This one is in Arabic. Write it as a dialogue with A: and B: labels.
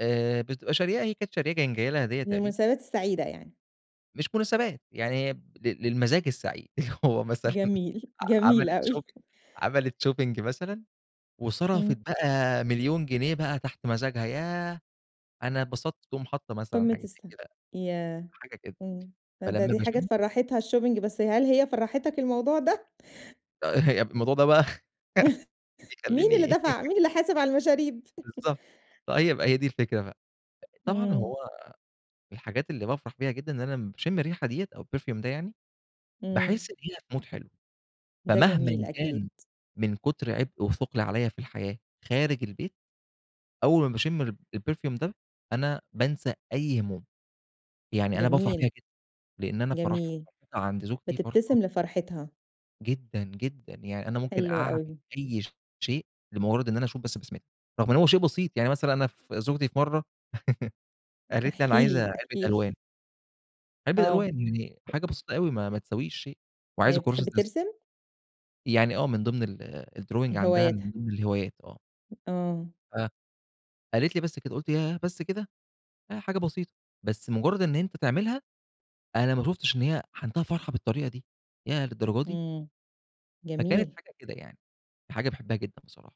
A: آآ، بتبقى شارياه، هي كانت شارياه كان جاي لها هدية تقريبًا.
B: للمناسبات السعيدة يعني.
A: مش مناسبات، يعني هي ب للمزاج السعيد هو مثلًا
B: جميل،
A: ع
B: جميل
A: عملِت
B: أوي.
A: Shopping عملِت Shopping مثلًا وصرفت
B: إمم.
A: بقى 1.000.000 جنيه بقى تحت مزاجها، ياه أنا اتبسطت، تقوم حاطّة مثلًا
B: قمة
A: حاجة
B: الس
A: زي كده،
B: ياه!
A: حاجة كده.
B: إمم، ده
A: فلمّا
B: دي حاجات
A: باشمّه
B: فرّحتها الShopping بس هل هي فرحتك الموضوع ده؟
A: آآ هي الموضوع ده بقى
B: مين اللي
A: بيخلّيني
B: دفع، مين اللي حاسب على المشاريب؟
A: بالضبط، آه يبقى هي دي الفِكرة بقى، أ طبعًا
B: إمم.
A: هو الحاجات اللي بافرح بيها جدً، ا إن أنا لمّا باشم الريحة ديّة أو الPerfume ده يعني،
B: إمم.
A: باحس دقيقة بMood حلو،
B: ده جميل
A: فمهمًا
B: أكيد.
A: كان من كتر عبء وثقل عليَّ في الحياة خارج البيت، أول ما باشم الب الPerfume ده أنا بانسى أي هموم، يعني أنا بافرح بيها
B: جميل.
A: جدًا لإن أنا فرح
B: جميل،
A: [unintelligible] عند زوجتي فرحة
B: بتبتسم لفرحتها.
A: جدًا، جدًا، يعني أنا ممكن
B: حلو
A: أعمِل
B: أوي.
A: أي ش شيء لمجرّد إن أنا أشوف بس بسمتها، رغم إن هو شيء بسيط، يعني مثلًا أنا ف زوجتي في مَرّة قالت لي: "أنا
B: احكِ
A: عايزة
B: لي،
A: علبة
B: احكِ لي.
A: ألوان." علبة
B: آه.
A: ألوان، يعني حاجة بسيطة أوي، ما ما تساويش شيء
B: هي
A: وعايزه كراسة
B: بتحب
A: رسم.
B: ترسم؟
A: يعني آه من ضمن ال الDrawing عندها،
B: هواياتها.
A: من ضمن الهوايات آه.
B: آه.
A: آه، قالت لي: "بس كده." قُلت: "ياه بس كده؟!" أهي حاجة بسيطة، بس مجرّد إن أنت تعملها، أنا ما شُفتش إن هي عندها فرحة بالطريقة دي، ياه للدرجة دي!
B: إمم
A: فكانت
B: جميل.
A: حاجة كده يعني، حاجة باحبها جدًا بصراحة.